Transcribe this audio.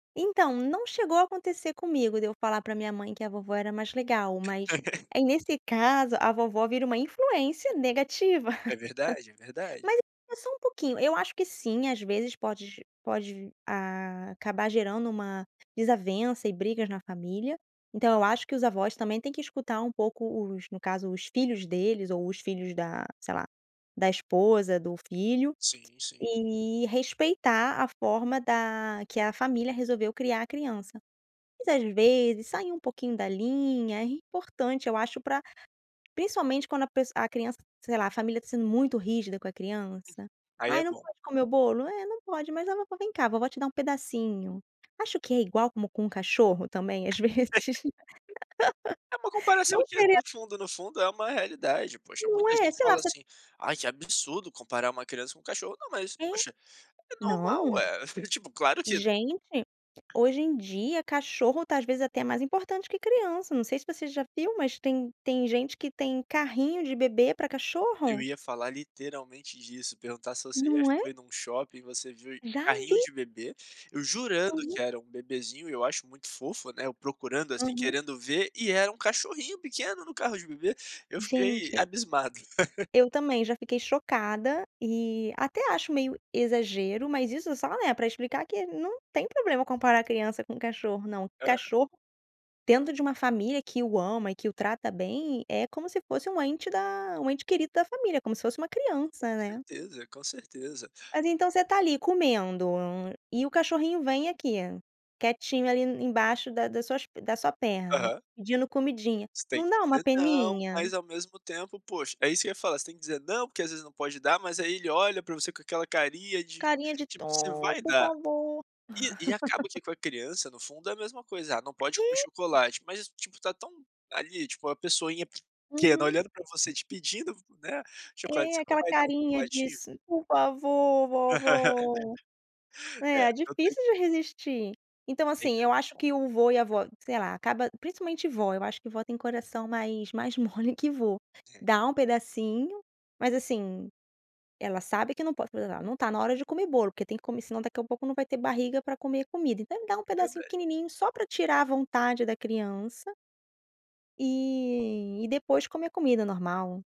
Então, não chegou a acontecer comigo, de eu falar pra minha mãe que a vovó era mais legal, mas aí nesse caso, a vovó vira uma influência negativa, É verdade, é verdade. mas só um pouquinho. Eu acho que sim, às vezes pode pode a acabar gerando uma desavença e brigas na família, então eu acho que os avós também têm que escutar um pouco os, no caso, os filhos deles ou os filhos da, sei lá, da esposa do filho, Sim, sim. e respeitar a forma da que a família resolveu criar a criança. Mas, às vezes, sair um pouquinho da linha é importante, eu acho pra principalmente quando a pes a criança, sei lá, a família tá sendo muito rígida com a criança, Aí "Ai, é não bom. pode comer o bolo", "É, não pode", "Mas a vovó vem cá, vovó te dá um pedacinho". Acho que é igual como com um cachorro também, às vezes, É uma comparação não que seria no fundo, no fundo, é uma realidade, poxa, Não muita é? gente Sei lá fala você assim: "Ai, que absurdo comparar uma criança com um cachorro", não, mas, É, poxa, é normal, não. ué. Tipo, claro que Gente, hoje em dia cachorro tá, às vezes, até mais importante que criança, não sei se você já viu, mas tem tem gente que tem carrinho de bebê pra Eu cachorro. ia falar literalmente disso, perguntar se você já Não é? foi num shopping e você viu Já carrinho vi. de bebê eu jurando Uhum. que era um bebezinho e eu acho muito fofo, né, eu procurando, assim, Aham. querendo ver, e era um cachorrinho pequeno no carro de bebê, eu fiquei Gente. abismado. Eu também já fiquei chocada e até acho meio exagero, mas isso só né, pra explicar que não tem problema comparar criança com cachorro, não. Aham. Cachorro dentro de uma família que o ama e que o trata bem, é como se fosse um ente da um ente querido da família, como se fosse uma Com criança, né? certeza, com certeza. Mas então você tá ali comendo e o cachorrinho vem aqui, quietinho ali embaixo da da suas da sua perna Aham. pedindo comidinha, Você tem não que dá uma dizer não, peninha? mas ao mesmo tempo, poxa, é isso que ia falar, tem que dizer não porque às vezes não pode dar, mas aí ele olha pra você com aquela carinha de Carinha de tipo: você dó, vai por dar! favor. E e acaba que com a criança, no fundo, é a mesma coisa: "Ah, não pode comer É. chocolate", mas tipo tá tão ali, tipo a pessoinha pequena, Uhum. olhando pra você, te pedindo, né, chocolate, É, você não aquela vai dar um carinha chocolatinho? diz: "Por favor, vovó". É, É, não tem difícil de resistir. Então não tem assim, eu mesmo acho como. que o vô e a vó, sei lá, acaba principalmente vó, eu acho que vó tem coração mais mais mole que vô, É. dá um pedacinho, mas assim, ela sabe que não pode, [unintelligible] não tá na hora de comer bolo, porque tem que comer, senão daqui a pouco não vai ter barriga pra comer comida, então dá um pedacinho Verdade. pequenininho só pra tirar a vontade da criança e e depois comer comida normal.